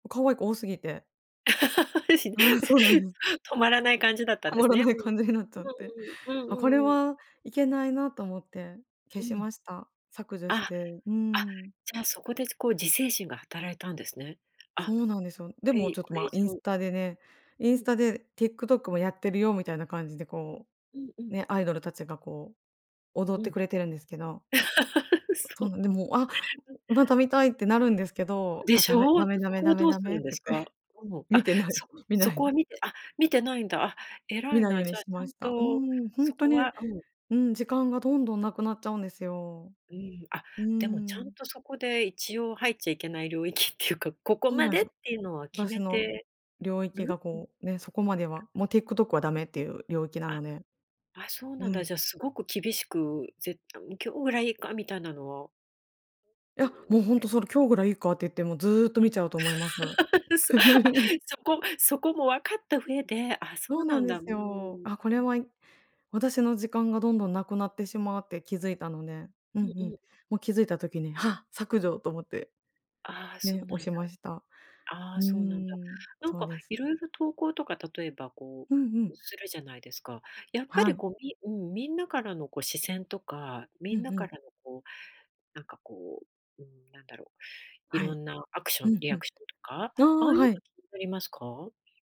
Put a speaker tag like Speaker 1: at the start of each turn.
Speaker 1: 可愛い子多すぎて。
Speaker 2: し
Speaker 1: ああ、そうなんです。
Speaker 2: 止まらない感じだったん
Speaker 1: は
Speaker 2: で
Speaker 1: ま
Speaker 2: す
Speaker 1: ら
Speaker 2: ね。
Speaker 1: ない感じになっちゃって、
Speaker 2: うん、うんうん、
Speaker 1: あ、
Speaker 2: うん
Speaker 1: これ
Speaker 2: うんうん。
Speaker 1: は、いけないなと思って
Speaker 2: う
Speaker 1: 消し
Speaker 2: ん、
Speaker 1: ました。削除し
Speaker 2: あ、
Speaker 1: て。う
Speaker 2: あ、
Speaker 1: ん。
Speaker 2: じゃあ、そこでこう自制心が働いたんですね。あ、
Speaker 1: そうなんですよ。
Speaker 2: こ
Speaker 1: でも
Speaker 2: れ
Speaker 1: ちょっ
Speaker 2: こ
Speaker 1: と
Speaker 2: れ
Speaker 1: ま
Speaker 2: 以
Speaker 1: あインス
Speaker 2: 上。
Speaker 1: タでね、イ
Speaker 2: う
Speaker 1: ンス
Speaker 2: ん。
Speaker 1: タで、ティックトックもやってるよみたいな感じでこ
Speaker 2: うんう
Speaker 1: う、
Speaker 2: ん。
Speaker 1: ね、アイドルたちがこう、踊っ
Speaker 2: うん、
Speaker 1: てくれてるんですけど。
Speaker 2: うそ、
Speaker 1: そうなん、でも、あ、
Speaker 2: ん。
Speaker 1: また見たいってなるんですけど、
Speaker 2: で
Speaker 1: あ、
Speaker 2: し
Speaker 1: ダメ
Speaker 2: ょう。
Speaker 1: ダメダ
Speaker 2: そ
Speaker 1: メ
Speaker 2: こ
Speaker 1: ダ
Speaker 2: は
Speaker 1: メ
Speaker 2: どう
Speaker 1: ダ
Speaker 2: す
Speaker 1: メ
Speaker 2: る
Speaker 1: って
Speaker 2: んで
Speaker 1: 言
Speaker 2: す
Speaker 1: っ
Speaker 2: か？
Speaker 1: て、
Speaker 2: うん。
Speaker 1: 見
Speaker 2: あ、
Speaker 1: てない、
Speaker 2: そ
Speaker 1: 見
Speaker 2: そ
Speaker 1: な
Speaker 2: こ
Speaker 1: い。
Speaker 2: は見て、あ、見てないんだ。あ、偉
Speaker 1: 見
Speaker 2: い
Speaker 1: ないよ
Speaker 2: な、
Speaker 1: うに
Speaker 2: じゃあち
Speaker 1: し
Speaker 2: ゃ
Speaker 1: ま
Speaker 2: ん
Speaker 1: した。う
Speaker 2: と
Speaker 1: ん、ほん
Speaker 2: そ
Speaker 1: と
Speaker 2: こ
Speaker 1: に、
Speaker 2: は、うん。
Speaker 1: うん、時間がどんどんなくなっちゃうんですよ。
Speaker 2: うん、あ、
Speaker 1: うー
Speaker 2: でもちゃん
Speaker 1: ん。
Speaker 2: とそこで一応入っちゃいけない領域っていうか、ここ
Speaker 1: そう
Speaker 2: ま
Speaker 1: なんで
Speaker 2: で
Speaker 1: す
Speaker 2: っ
Speaker 1: よ。
Speaker 2: ていうのは決
Speaker 1: 私
Speaker 2: め
Speaker 1: の
Speaker 2: て
Speaker 1: 領域
Speaker 2: る？
Speaker 1: が
Speaker 2: うん。うん。
Speaker 1: こう、ね、そこまでは、もうティックトックはダメっていう領域な
Speaker 2: あ、
Speaker 1: ので。
Speaker 2: あ、そうなん
Speaker 1: う
Speaker 2: だ、
Speaker 1: ん。
Speaker 2: じゃ、すごく厳しくぜん、今日ぐらいいいかみたいなのは。
Speaker 1: い
Speaker 2: うー
Speaker 1: や、
Speaker 2: ん、
Speaker 1: もう
Speaker 2: こ
Speaker 1: ほんと
Speaker 2: れ。
Speaker 1: それ、今日ぐらいいいかって言ってもずっと
Speaker 2: ん、
Speaker 1: 見ちゃうと思います。
Speaker 2: うそ、あ、そこそこも分かった上で、あ、そ
Speaker 1: そ
Speaker 2: う
Speaker 1: うな
Speaker 2: な
Speaker 1: ん
Speaker 2: ん
Speaker 1: で
Speaker 2: だ、う
Speaker 1: す
Speaker 2: ー
Speaker 1: よ。
Speaker 2: ん。
Speaker 1: あ、これは私の時間がどんどんなくなってしまうって気づいたので、うん
Speaker 2: うんう
Speaker 1: うん、
Speaker 2: ん。
Speaker 1: もう気づいた時に、は、削除と思って。
Speaker 2: ああ、そう
Speaker 1: ね、
Speaker 2: なん
Speaker 1: 押
Speaker 2: だ。
Speaker 1: しました。
Speaker 2: ああ、
Speaker 1: うー
Speaker 2: そうなんだ。
Speaker 1: ん、
Speaker 2: なん
Speaker 1: そう
Speaker 2: か
Speaker 1: です。
Speaker 2: 色々投稿とか例えば、こ
Speaker 1: うんう
Speaker 2: う
Speaker 1: ん。
Speaker 2: するじゃないですか。やっぱ
Speaker 1: は
Speaker 2: り
Speaker 1: い。
Speaker 2: こう、みうん、みんなからのこう視線とか、
Speaker 1: う
Speaker 2: みん
Speaker 1: ん
Speaker 2: な
Speaker 1: う
Speaker 2: か
Speaker 1: ん。
Speaker 2: らのこう、なんかこう、うーん、なんだろう、
Speaker 1: は
Speaker 2: 色
Speaker 1: い。
Speaker 2: んなアクショ
Speaker 1: ふ
Speaker 2: ン
Speaker 1: ん
Speaker 2: リ
Speaker 1: ふ
Speaker 2: ア
Speaker 1: ん。
Speaker 2: クションとか、
Speaker 1: あ
Speaker 2: ああ
Speaker 1: あ、
Speaker 2: いうの
Speaker 1: はい。
Speaker 2: 気になりますか？